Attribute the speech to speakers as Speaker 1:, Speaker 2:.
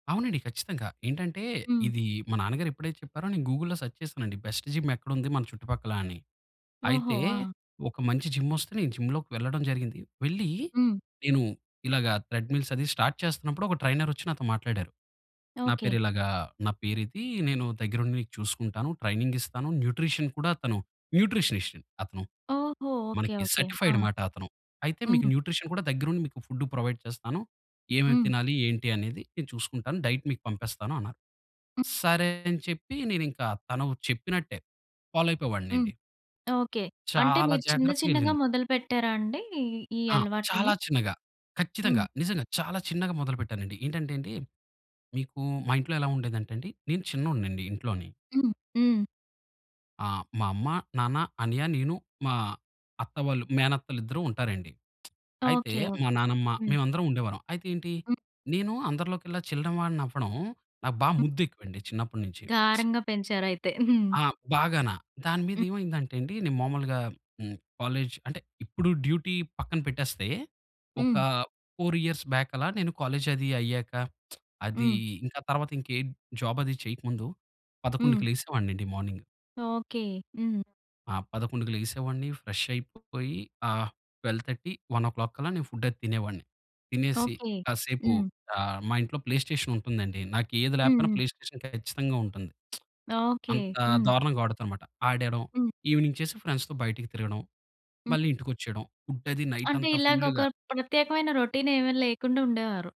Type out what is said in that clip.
Speaker 1: అవునండి, ఖచ్చితంగా. ఏంటంటే,
Speaker 2: హ్మ్.
Speaker 1: ఇది మా నాన్నగారెప్పుడైతే చెప్పారో నేను గూగుల్లో సెర్చ్ చేసానండి. బెస్ట్ జిమ్ ఎక్కడుంది మన చుట్టుపక్కలా అని.
Speaker 2: ఓహో!
Speaker 1: అయితే
Speaker 2: ఆ!
Speaker 1: ఒక మంచి జిమ్మొస్తే నేను జిమ్‌లోకెళ్లడం జరిగింది. వెళ్లీ
Speaker 2: హ్మ్.
Speaker 1: నేను ఇలాగ ట్రెడ్మిల్స్ అది స్టార్ట్ చేస్తున్నప్పుడు ఒక ట్రైనరొచ్చి నాతో మాట్లాడారు. నా
Speaker 2: ఓకె.
Speaker 1: పేరు ఇలాగా, నా పేరిది నేను దగ్గరుండి చూసుకుంటాను ట్రైనింగిస్తాను. న్యూట్రిషన్ కూడా తను న్యూట్రిషనిస్ట్. అతను
Speaker 2: ఓహో! ఓకె,
Speaker 1: మనకి
Speaker 2: ఓకె. ఆ!
Speaker 1: సర్టిఫైడ్ అమాట అతను అయితే మీకు
Speaker 2: హ్మ్.
Speaker 1: న్యూట్రిషన్ కూడా దగ్గరండి మీకు ఫుడ్ ప్రొవైడ్ చేస్తాను. ఏమేమి
Speaker 2: హ్మ్.
Speaker 1: తినాలి ఏంటి అనేది నేను చూసుకుంటాను డైట్ మీకు పంపిస్తాను అన్నారు.
Speaker 2: హ్మ్.
Speaker 1: సరే! అని చెప్పి నేను ఇంకా తను చెప్పినట్టే
Speaker 2: హ్మ్.
Speaker 1: ఫాలోయిపోయేవాడినండి.
Speaker 2: ఓకె. అంటే
Speaker 1: చాలా
Speaker 2: మీరు చిన్న చిన్నగా
Speaker 1: జాగ్రత్తగెళ్ళింది.
Speaker 2: మొదలుపెట్టారాండి ఈ
Speaker 1: ఆ! చాలా
Speaker 2: అలవాట్లుని?
Speaker 1: చిన్నగా,
Speaker 2: హ్మ్.
Speaker 1: ఖచ్చితంగా నిజంగా చాలా చిన్నగా మొదలు పెట్టానండి. ఏంటంటేండి మీకు మా ఇంట్లో ఎలా ఉండేదంటేండీ నేను చిన్నోడినండి ఇంట్లోని.
Speaker 2: హ్మ్. హ్మ్.
Speaker 1: ఆ! మా అమ్మ, నాన్న, అన్నయ్య, నేను, మా అత్త వాళ్ళు మేనత్తలిద్దరూ ఉంటారండి. అయితే
Speaker 2: ఓకె,
Speaker 1: మా
Speaker 2: ఓకె.
Speaker 1: నానమ్మ
Speaker 2: హ్మ్.
Speaker 1: మేమందరం ఉండేవాళ్ళం. అయితే ఏంటి
Speaker 2: హ్మ్.
Speaker 1: నేను అందరిలోకల్లా చిన్న వాడినవ్వడం నాకు బా
Speaker 2: హ్మ్.
Speaker 1: ముద్దెక్కువండి చిన్నప్పటి నుంచి.
Speaker 2: గారంగా పెంచారయితే. హ్మ్.
Speaker 1: ఆ! బాగాన దాని
Speaker 2: హ్మ్.
Speaker 1: మీదేమైందంటే అండి. నేను మామూలుగా హ్మ్, కాలేజ్ అంటే ఇప్పుడు డ్యూటీ పక్కన పెట్టేస్తే. ఒక
Speaker 2: హ్మ్.
Speaker 1: 4 ఇయర్స్ బ్యాక్ అలా నేను కాలేజ్ అది అయ్యాక అది,
Speaker 2: హ్మ్.
Speaker 1: ఇంకా తర్వాతింకేం జాబది చేయక ముందు
Speaker 2: హ్మ్.
Speaker 1: 11:00కి లేసేవాడినండి మార్నింగ్.
Speaker 2: ఓకె. హ్మ్.
Speaker 1: ఆ! 11:00కి లేగిసేవాడిని ఫ్రెష్ అయిపోయి ఆహ్, 12:30, 1:00 కల్లా నేను ఫుడ్డది తినేవాడిని. తినేసి
Speaker 2: ఓకె.
Speaker 1: కాసేపు
Speaker 2: హ్మ్.
Speaker 1: ఆహ్, మా ఇంట్లో ప్లే స్టేషనుంటుందండి. నాకేది
Speaker 2: హ్మ్.
Speaker 1: లేపోయినా
Speaker 2: హ్మ్.
Speaker 1: ప్లే స్టేషన్ ఖచ్చితంగుంటుంది.
Speaker 2: ఓకె.
Speaker 1: అంత
Speaker 2: హ్మ్.
Speaker 1: దారుణంగా ఆడుతానమాట. ఆడేయడం
Speaker 2: హ్మ్.
Speaker 1: ఈవెనింగ్ చేసి ఫ్రెండ్స్‌తో బయటికి తిరగడం.
Speaker 2: హ్మ్.
Speaker 1: మళ్ళీ ఇంటికొచ్చేయడం. ఫుడ్డది
Speaker 2: అంటే
Speaker 1: నైటంతా
Speaker 2: ఇలాగ ఒక
Speaker 1: ఫుల్లుగా.
Speaker 2: ప్రత్యేకమైన రొటీనేమి లేకుండా ఉండేవారు.